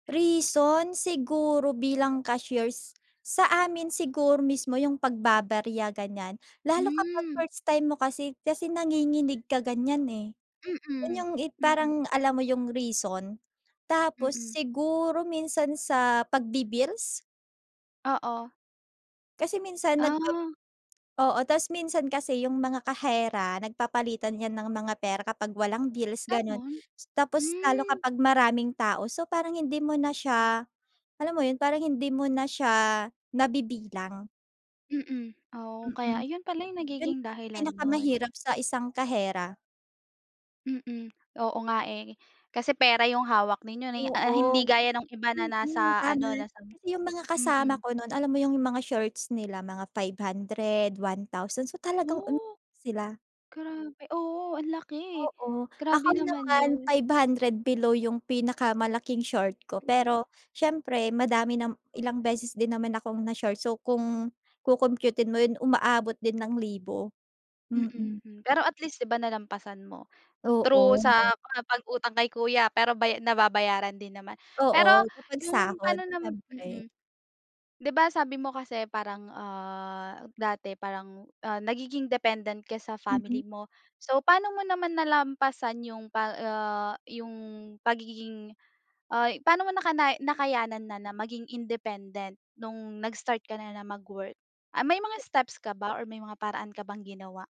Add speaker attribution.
Speaker 1: Reason, siguro bilang cashiers. Sa amin siguro mismo yung pagbababarya ganyan. Lalo kapag
Speaker 2: Hmm.
Speaker 1: first time mo kasi kasi nanginginig ka ganyan, eh.
Speaker 2: Mm.
Speaker 1: Ganyang, eh,
Speaker 2: Mm.
Speaker 1: parang alam mo 'yung reason, tapos
Speaker 2: Mm.
Speaker 1: siguro minsan sa pagbi-bills.
Speaker 2: Oo.
Speaker 1: Kasi minsan nagpap
Speaker 2: Ah.
Speaker 1: oo tas minsan kasi yung mga kahera nagpapalitan 'yan ng mga pera kapag walang bills ganun.
Speaker 2: Gano'n?
Speaker 1: Tapos lalo
Speaker 2: Hmm.
Speaker 1: kapag maraming tao, so parang hindi mo na siya alam mo yun, parang hindi mo na siya nabibilang.
Speaker 2: Mm. Oh,
Speaker 1: Mm.
Speaker 2: kaya ayun pala 'yung
Speaker 1: 'Yon 'yung
Speaker 2: nagiging dahilan no'n.
Speaker 1: pinakamahirap sa isang kahera.
Speaker 2: Mm. Oo nga eh, kasi pera yung hawak ninyo ni a ah hindi
Speaker 1: Oo.
Speaker 2: gaya nung iba na
Speaker 1: Mm,
Speaker 2: nasa
Speaker 1: tama.
Speaker 2: ano, nasa
Speaker 1: Kasi yung mga kasama
Speaker 2: mm.
Speaker 1: ko no'n, alam mo yung mga shorts nila mga ₱500, ₱1,000 so talagang umiiyak
Speaker 2: Ooh!
Speaker 1: sila.
Speaker 2: Grabe, oo ang laki!
Speaker 1: Oo, ako
Speaker 2: Grabe
Speaker 1: din
Speaker 2: naman
Speaker 1: naman
Speaker 2: 'yon.
Speaker 1: ₱500 below yung pinakamalaking short ko.
Speaker 2: Mm.
Speaker 1: Pero, siyempre madami nam ilang beses din naman akong na-short. So kung kokompyutin mo 'yon, umaabot din ng libo,
Speaker 2: Mm,
Speaker 1: mm.
Speaker 2: hmm. Pero at least 'di ba nalampasan mo, through sa
Speaker 1: Oo.
Speaker 2: mga pag-utang kay kuya, pero bay nababayaran din naman. Pero
Speaker 1: Oo, kapag
Speaker 2: yung
Speaker 1: sahod
Speaker 2: pa'no nam
Speaker 1: siyempre.
Speaker 2: mm. 'Di ba sabi mo kasi parang, ah, dati parang, ah, nagiging dependent ka sa
Speaker 1: Mm.
Speaker 2: family mo. So paano mo naman nalampasan yung pa ah, 'yung pagiging ay paano mo nakanay nakayanan na, na maging independent no'ng nag-start ka na, na mag-work? Ah, may mga
Speaker 1: Te
Speaker 2: steps ka ba or may mga paraan ka bang ginawa?